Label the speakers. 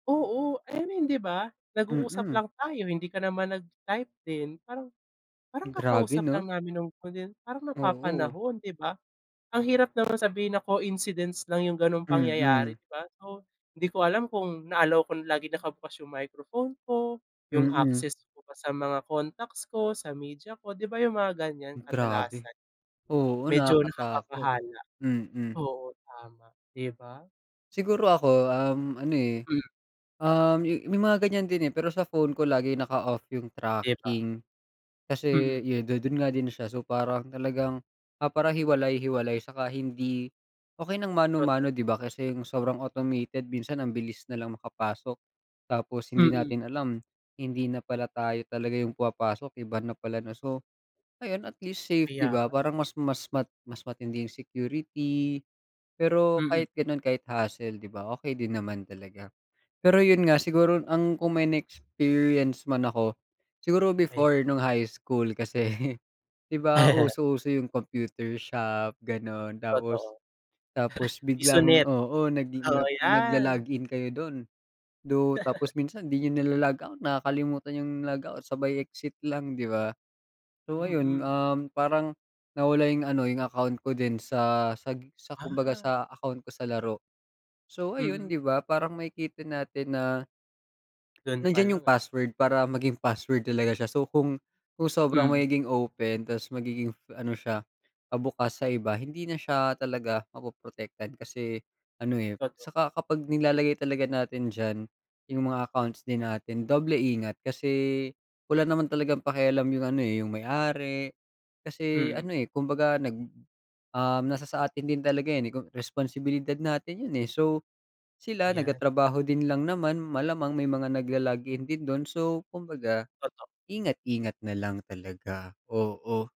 Speaker 1: Oo, I mean, di ba? Nag-uusap
Speaker 2: Mm.
Speaker 1: lang tayo hindi ka naman nag-type din, parang parang
Speaker 2: Grabe
Speaker 1: kakausap
Speaker 2: 'no?
Speaker 1: lang namin no'ng ko din parang
Speaker 2: Oo.
Speaker 1: napapanahon, 'di ba? Ang hirap naman sabihin na coincidence lang 'yung gano'ng
Speaker 2: Mm.
Speaker 1: pangyayari 'di ba, so hindi ko alam kung na allow kong laging nakabukas 'yung microphone ko, 'yung
Speaker 2: Mm.
Speaker 1: access ko pa sa mga contacts ko, sa media ko, di ba? 'Yung mga ganiyan
Speaker 2: Grabe.
Speaker 1: kadalasan,
Speaker 2: Oo,
Speaker 1: medyo
Speaker 2: nakakatakot.
Speaker 1: nakakabahala.
Speaker 2: Mm.
Speaker 1: Oo, tama. Di ba?
Speaker 2: Siguro ako, um, ano, eh.
Speaker 1: Hmm.
Speaker 2: Um, may mga ganiyan din, eh, pero sa phone ko lagi naka-off 'yung
Speaker 1: Di ba.
Speaker 2: tracking. Kasi
Speaker 1: Mm.
Speaker 2: yu do'n nga din siya so parang talagang ah, para hiwalay-hiwalay tsaka hindi okey ng
Speaker 1: Totoo.
Speaker 2: mano-mano di ba, kasi 'yung sobrang automated minsan ang bilis nalang makapasok. Tapos hindi
Speaker 1: Mm.
Speaker 2: natin alam, hindi na pala tayo talaga 'yung pumapasok, iba na pala na so, ngayon at least safe di
Speaker 1: Kaya
Speaker 2: ba,
Speaker 1: nga.
Speaker 2: parang mas mas ma mas matindi 'yung security. Pero
Speaker 1: Mm.
Speaker 2: kahit gano'n kahit hassle di ba, okey din naman talaga. Pero 'yun nga, siguro ang kung may na-experience man ako, siguro
Speaker 1: Kaya.
Speaker 2: before, no'ng high school, kasi di ba, uso uso 'yung computer shop gano'n tapos
Speaker 1: Totoo.
Speaker 2: tapos
Speaker 1: Piso
Speaker 2: biglang
Speaker 1: net.
Speaker 2: oo, nag a
Speaker 1: Oo, yan.
Speaker 2: nag-lo-log in kayo do'n, do tapos minsan di niyo na-lo-log out nakakalimutan 'yung log out sabay exit lang, di ba. So ayun,
Speaker 1: Mm.
Speaker 2: um, parang, nawala 'yung ano, 'yung account ko din sa sa sa kumbaga
Speaker 1: Ah.
Speaker 2: sa account ko sa laro. So ayun,
Speaker 1: Mm.
Speaker 2: di ba, parang makikita natin na,
Speaker 1: Do'n pa
Speaker 2: nandiyan 'yung
Speaker 1: lang, eh.
Speaker 2: password para maging password talaga siya, so kung kung sobrang
Speaker 1: Hmm.
Speaker 2: magiging open tas magiging ano siya, pa-bukas sa iba hindi na siya talaga mapoprotektan kasi, ano, eh,
Speaker 1: Totoo.
Speaker 2: tsaka kapag nilalagay talaga natin diyan, 'yung mga accounts din natin, doble ingat kasi, wala naman talagang pakialam 'yung ano, eh, 'yung may ari. Kasi ano,
Speaker 1: Mm.
Speaker 2: eh, kumbaga nag um, nasa sa atin din talaga 'yan, eh, kung responsibilidad natin 'yun, eh so. Sila
Speaker 1: Ayan.
Speaker 2: nagtatrabaho din lang naman, malamang may mga nag-lo-login din do'n, so kumbaga,
Speaker 1: Totoo.
Speaker 2: ingat ingat nalang talaga. Oo.